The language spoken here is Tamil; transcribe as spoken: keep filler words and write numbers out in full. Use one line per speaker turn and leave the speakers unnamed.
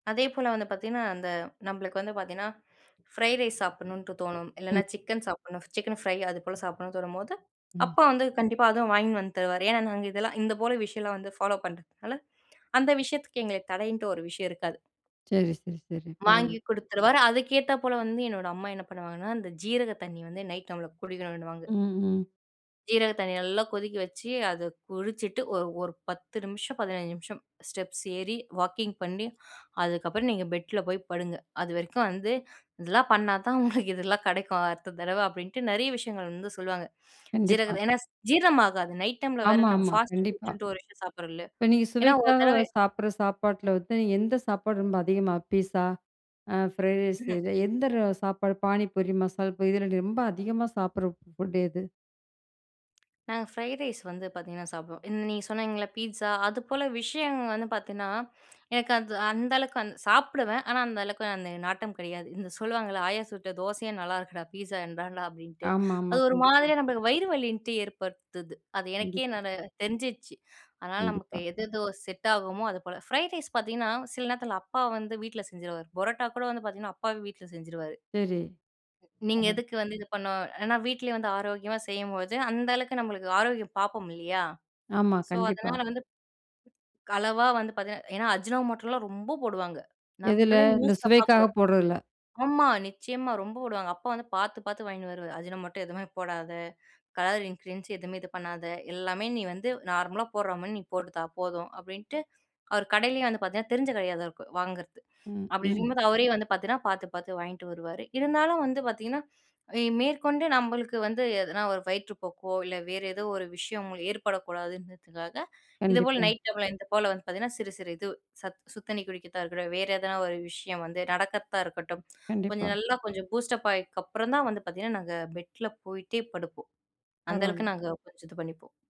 அதேபோல வந்து பார்த்திங்கன்னா அந்த நம்மளுக்கு வந்து பார்த்திங்கன்னா, ஃப்ரைட் ரைஸ் சாப்பிடணுன்ட்டு தோணும்
ம்.
இல்லைனா சிக்கன் சாப்பிடணும், சிக்கன் ஃப்ரை அதுப்போல சாப்பிடணும்னு தோணும்போது
ம்.
அப்பா வந்து கண்டிப்பா அத வாங்கினு வந்து தருவாரு. ஏனா நாங்க இதெல்லா இந்த போல விஷயம்லா வந்து ஃபாலோ பண்ணுறதுனால அந்த விஷயத்துக்கு எங்கள தடைன்ட்டு ஒரு விஷயம் இருக்காது.
சரி, சரி, சரி
வாங்கி
பரவாயில்ல.
குடுத்துருவாரு அதுக்கேத்தா போல வந்து என்னோட அம்மா என்ன பண்ணுவாங்கன்னா, அந்த ஜீரக தண்ணி வந்து நைட் நம்மள குடிக்கணுன்னுவாங்க.
ம் ம்.
ஜீரக தண்ணி நல்லா கொதிக்க வச்சு, அத குடிச்சிட்டு ஒரு ஒரு பத்து நிமிஷம் பதினைந்து நிமிஷம் ஸ்டெப்ஸ் ஏறி வாக்கிங் பண்ணி அதுக்கப்புறம் நீங்க பெட்ல போய் படுங்க. அதுவரைக்கு வந்து இதெல்லாம் பண்ணா தான் உங்களுக்கு இதெல்லா கெடைக்கும் அடுத்த தடவ. அப்படின்ட்டு நெறைய விஷயங்கள் வந்து சொல்லுவாங்க.
கண்டிப்பா.
ஜீரகம் ஏனா ஜீரணம் ஆகாது நைட் டைம்ல வேற நம்ம
ஆமாமா.
ஃபாஸ்ட்டு
கண்டிப்பா.
ஃபுட்ன்ட்டு ஒரு விஷயம் சாப்பிடுறோம்ல்ல.
இப்ப நீங்க
ஏனா ஒரு
சுவைக்காக
தடவ
சாப்பிட்ற சாப்பாட்டில வந்து, நீங்க எந்த சாப்பாடு ரொம்ப அதிகமா பீஸா, ஃப்ரைட் ரைஸ்,
ம் ம்.
எந்த சாப்பாடு பானிபூரி, மசால் பூரி இதில நீ ரொம்ப அதிகமா சாப்பிடுற ஃபுட் எது?
நாங்க ஃப்ரைட் ரைஸ் வந்து பார்த்திங்கன்னா சாப்பிடுவோம். நீங்க சொன்னிங்கல்ல பீட்ஸா அது போல விஷயம் வந்து பார்த்திங்கன்னா, எனக்கு அது அந்த அளவுக்கு சாப்பிடுவேன் ஆனா அந்த அளவுக்கு அந்த நாட்டம் கிடையாது. இந்த சொல்லுவாங்கல்ல "ஆயா சுட்ட தோசையே நல்லாயிருக்குடா! பீஸா என்னடா" அப்படின்ட்டு
ஆமாமா.
அது ஒரு
கண்டிப்பா.
மாதிரியா நம்மளுக்கு வயிறு வலின்னுட்டு ஏற்படுத்துது. அது எனக்கே
கண்டிப்பா.
நல் தெரிஞ்சிடுச்சு அதனால நமக்கு
கண்டிப்பா.
எது எதோ செட் ஆகுமோ அது போல ஃப்ரைட் ரைஸ் பார்த்திங்கன்னா, சில நேரத்தில அப்பா வந்து வீட்ல செஞ்சுருவாரு. புரோட்டா கூட வந்து பார்த்திங்கன்னா அப்பாவே வீட்ல செஞ்சுருவாரு.
சரி,
நீங்க
ம்.
எதுக்கு வந்து இது பண்ணு, ஏனா வீட்டிலயே வந்து ஆரோக்கியமா செய்யும்போது அந்த அளவுக்கு நம்மளுக்கு ஆரோக்கியம் பார்ப்போம் இல்லீயா.
ஆமா
ஸோ
கண்டிப்பா.
அதனால வந்து அளவா வந்து பார்த்திங்கன்னா ஏனா அஜுனோ மோட்டலாம் ரொம்ப போடுவாங்க.
எதுல?
நம்மளே
இந்த
நியூஸ்ல
சுவைக்காக
பாக்குறோம்.
போட்றதில.
ஆமா நிச்சயமா ரொம்ப போடுவாங்க. அப்பா வந்து பாத்து -பாத்து வாங்கினு வருவாரு "அஜு னோ மோட்டா எதுவுமே போடாத, கலர் இன்கிரீடியன்ட்ஸ் எதுவுமே இது பண்ணாத, எல்லாமே நீ வந்து நார்மலா போட்ற மாதிரி நீ போட்டுத்தா போதும்." அப்படின்ட்டு, அவர் கடையிலேயே வந்து பார்த்திங்கன்னா தெரிஞ்ச கடையாதா வாங்குறது. அப்படி
ம்.ம்.
இருக்கும்போது அவரே வந்து பார்த்திங்கன்னா, பார்த்து- பார்த்து வாங்கிட்டு வருவாரு, இருந்தாலும் வந்து பார்த்திங்கன்னா, மேற்கொண்டு நம்மளுக்கு வந்து எதனா ஒரு வயிற்று போக்கோ, இல்ல வேற ஏதோ ஒரு விஷயம் ஏற்படக்கூடாதுன்றதுக்காக இதுபோல
கண்டிப்பா.
நைட் டைம்ல இது போல வந்து பார்த்திங்கன்னா, சிறு சிறு இது சத் சுடுதண்ணி குடிக்கிறதா இருக்கட்டும், வேற எதனா ஒரு விஷயம் வந்து நடக்கிறதா இருக்கட்டும், கொஞ்சம்
கண்டிப்பா.
நல்லா கொஞ்சம் பூஸ்டப் ஆயினதுகப்புறம் தா வந்து பார்த்திங்கன்னா நாங்க பெட்ல போய்ட்டே படுப்போம். அந்த அளவுக்கு
பரவாயில்ல.
நாங்க கொஞ்சம் இது பண்ணிப்போம்.